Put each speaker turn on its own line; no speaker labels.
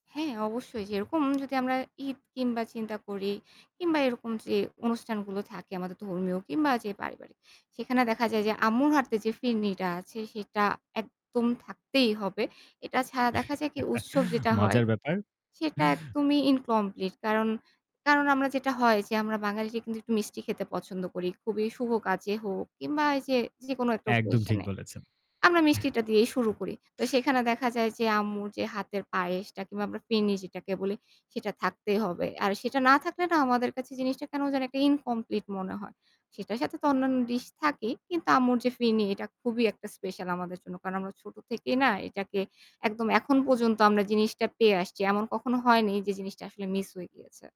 হ্যাঁ, অবশ্যই যেরকম যদি আমরা ঈদ কিংবা চিন্তা করি কিংবা এরকম যে অনুষ্ঠানগুলো থাকে আমাদের ধর্মীয় কিংবা যে পারিবারিক, সেখানে দেখা যায় যে আম্মুর হাতে যে ফিরনিটা আছে সেটা একদম থাকতেই হবে। এটা ছাড়া দেখা যায় কি যে উৎসব যেটা হয়
মজার ব্যাপার।
সেটা একদমই ইনকমপ্লিট কারণ, কারণ আমরা যেটা হয় যে আমরা বাঙালিরা কিন্তু একটু মিষ্টি খেতে পছন্দ করি। খুবই শুভ কাজে হোক কিংবা এই যে যেকোনো একটা
একদম
occasion
ঠিক
এ
বলেছেন।
আমরা মিষ্টিটা দিয়েই শুরু করি। তো সেখানে দেখা যায় যে আম্মুর যে হাতের পায়েসটা কিংবা আমরা ফিরনি যেটাকে বলি, সেটা থাকতেই হবে। আর সেটা না থাকলে না আমাদের কাছে জিনিসটা কেন যেন একটা ইনকমপ্লিট মনে হয়। সেটার সাথে তো অন্যান্য ডিশ থাকেই কিন্তু আম্মুর যে ফিরনি এটা খুবই একটা স্পেশাল আমাদের জন্য। কারণ আমরা ছোট থেকেই না এটাকে একদম এখন পর্যন্ত আমরা জিনিসটা পেয়ে আসছি। এমন কখনো হয়নি যে জিনিসটা আসলে মিস হয়ে গিয়েছে।